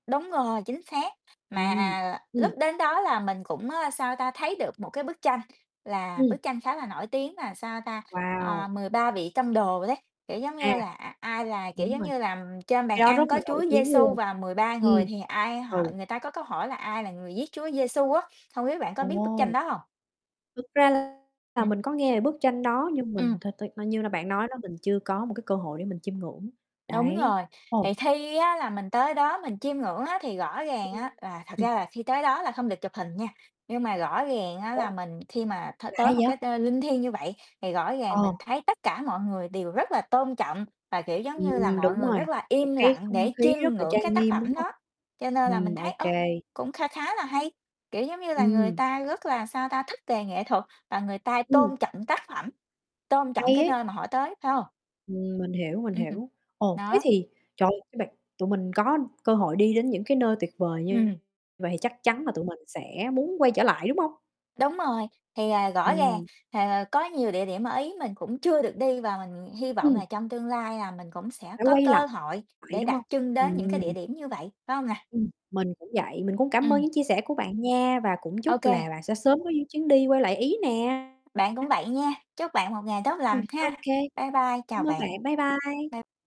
Đúng rồi, chính xác. Ừm, Mà lúc ừm. đến đó là mình cũng, ơ, sao ta, thấy được một cái bức tranh là Ừm. bức tranh khá là nổi tiếng, là sao ta, ờ, Wow! 13 vị tông đồ đấy. Kiểu giống À. như là, à, ai là kiểu Đúng giống rồi. như là, ừm, trên bàn Cái đó rất ăn là có Chúa nổi tiếng Giê-su luôn. và 13 Ừm. người, thì ai hỏi Ừ. người ta có câu hỏi là "Ai là người giết Chúa Giê-su?" á. Hông biết bạn có biết bức tranh Ồ. đó hông? Thực ra là Ừm. mình có nghe về bức tranh đó. Nhưng mình Ừm. th th ờ, như là bạn nói đó, mình chưa có một cái cơ hội để mình chiêm ngưỡng, Đúng đấy. rồi. Ồ. Thì khi á, là mình tới đó mình chiêm ngưỡng á, thì rõ ràng Ưm, á là thật ừm. ra là khi tới đó là không được chụp hình nha. Nhưng mà rõ ràng á, Ủa? là mình khi mà th Lạ tới một vậy? cái nơi linh thiêng như vậy, thì rõ ràng Ờ. mình thấy tất cả mọi người đều rất là tôn trọng, và, kiểu giống như là, Ừm, mọi đúng người rồi, rất là một im cái lặng không để khí chiêm rất là ngưỡng cái trang tác nghiêm, đúng phẩm hông? đó. Cho nên là mình Ừm, thấy, OK. ơ, cũng kha khá là hay, kiểu giống như là, người Ừm. ta rất là, sao ta, thích về nghệ thuật và người ta Ừm. tôn trọng tác phẩm, tôn trọng Hay cái ấy. nơi mà họ tới, phải hông? Ừm, mình hiểu, mình Ừm. hiểu. Ồ, thế Đó. thì, trời ơi, cho bạn tụi mình có cơ hội đi đến những cái nơi tuyệt vời như Ừm. vậy thì chắc chắn là tụi mình sẽ muốn quay trở lại, đúng hông? Đúng rồi. Thì, ờ, rõ ràng, Ừm. ờ, có nhiều địa điểm ở Ý mình cũng chưa được đi, và mình hy vọng Ừm. là trong tương lai là mình cũng sẽ Phải có quay cơ lại, hội để đúng đặt hông? chân đến những cái địa Ừm. điểm như vậy, phải hông nè? Ừm, mình cũng vậy. Mình cũng cảm ơn Ừm. những chia sẻ của bạn nha, và cũng chúc là OK. bạn sẽ sớm có những chuyến đi quay lại Ý nè. Bạn cũng vậy nha. Chúc bạn một ngày tốt lành Ừm, ha! OK. Bye bye, chào Cảm ơn bạn. bạn. Bye bye. Bye